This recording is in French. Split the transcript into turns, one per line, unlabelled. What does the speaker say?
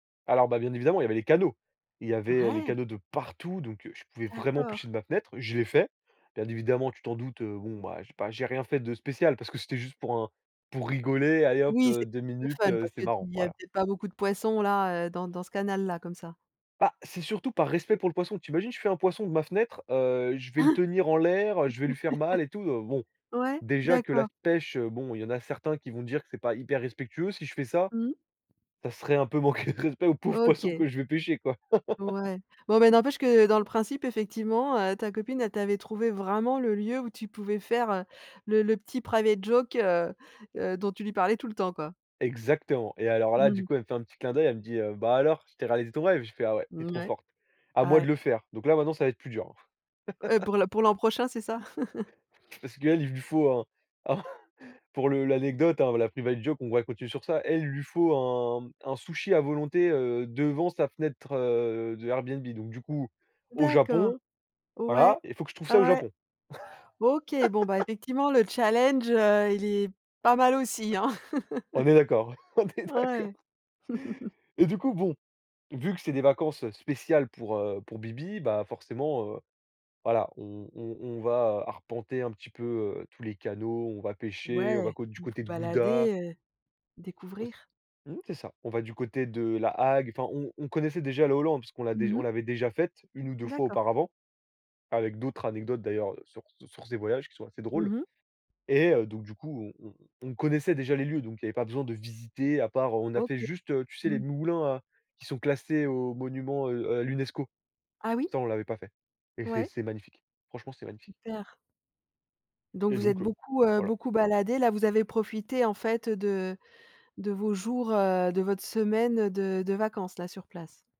Alors, bah, bien évidemment, il y avait les canaux. Il y avait, heu, les
Ouais.
canaux de partout, donc je pouvais vraiment
D'accord
pêcher de ma fenêtre. Je l'ai fait. Bien évidemment, tu t'en doutes, heu, bon, ben, j'ai pas j'ai rien fait de spécial, parce que c'était juste pour un pour rigoler. Allez hop,
Oui,
heu,
c'est
2 minutes,
[unintelligible] fun,
heu,
parce
c'est
que tu te
marrant,
dis, il y a
voilà.
peut-être pas beaucoup de poissons, là, heu, dans dans ce canal-là, comme ça.
Bah, c'est surtout par respect pour le poisson. Tu imagines, je fais un poisson de ma fenêtre, heu, je vais le
Hein?
tenir en l'air, heu, je vais lui faire mal et tout, heu, bon,
Ouais,
déjà que la
d'accord.
pêche, heu, bon, il y en a certains qui vont dire que c'est pas hyper respectueux si je fais ça.
Mmh.
Ça serait un peu manquer de respect au pauvre poisson
OK.
que je vais pêcher, quoi.
Ouais. Bon, bah, n'empêche que, dans le principe, effectivement, heu, ta copine, elle t'avait trouvé vraiment le lieu où tu pouvais faire, le le petit private joke, heu heu, dont tu lui parlais tout le temps, quoi?
Exactement, et alors là, du
Mmh.
coup, elle me fait un petit clin d'oeil, elle me dit: «Bah, alors, je t'ai réalisé ton rêve?» je fais: «Ah ouais, tu es
Mmh,
trop
ouais.
forte. À moi de
Ouais.
le faire», donc là, maintenant, ça va être plus dur.
Heu, pour l'an pour l'an prochain, c'est ça?
Parce qu'elle, il lui faut, un un, pour le l'anecdote, hein la, private joke, on va continuer sur ça. Elle, il lui faut un un sushi à volonté, heu, devant sa fenêtre de Airbnb, donc du coup, au
D'accord.
Japon,
Ouais,
voilà, il faut que je trouve ça au
ouais.
Japon.
OK, bon, bah, effectivement, le challenge, heu, il est pas mal aussi, hein?
On est d'accord, on est
Ouais.
d'accord. Et du coup bon, vu que c'est des vacances spéciales pour, heu, pour bibi, bah, forcément, heu, voilà, on on on va arpenter un petit peu, heu, tous les canaux, on va pêcher, on va
Ouais,
co du
vous
côté
vous
de Gouda.
balader, heu,
Ouais, c
découvrir.
mmh, c'est ça. On va du côté de La Hague, enfin on on connaissait déjà le Hollande puisqu'on l'a déj
Mmh
on
mh.
l'avait déjà faite. Une ou 2 fois
D'accord.
auparavant, avec d'autres anecdotes d'ailleurs sur sur ces voyages qui sont assez drôles.
Mmh mh.
Et heu, donc du coup, on on on connaissait déjà les lieux, donc il y avait pas besoin de visiter à part, heu, on a fait
OK.
juste, heu, tu sais les
Mmh.
moulins à qui sont classés au monument, heu, à l'UNESCO.
Ah, oui.
Ça, on l'avait pas fait, et c'est
Ouais.
c'est magnifique. Franchement, c'est magnifique.
Super. Donc
Et
vous êtes
donc heu,
beaucoup, heu,
voilà.
beaucoup baladés, là, vous avez profité, en fait, heu, de de vos jours, heu, de votre semaine de de vacances, là, sur place.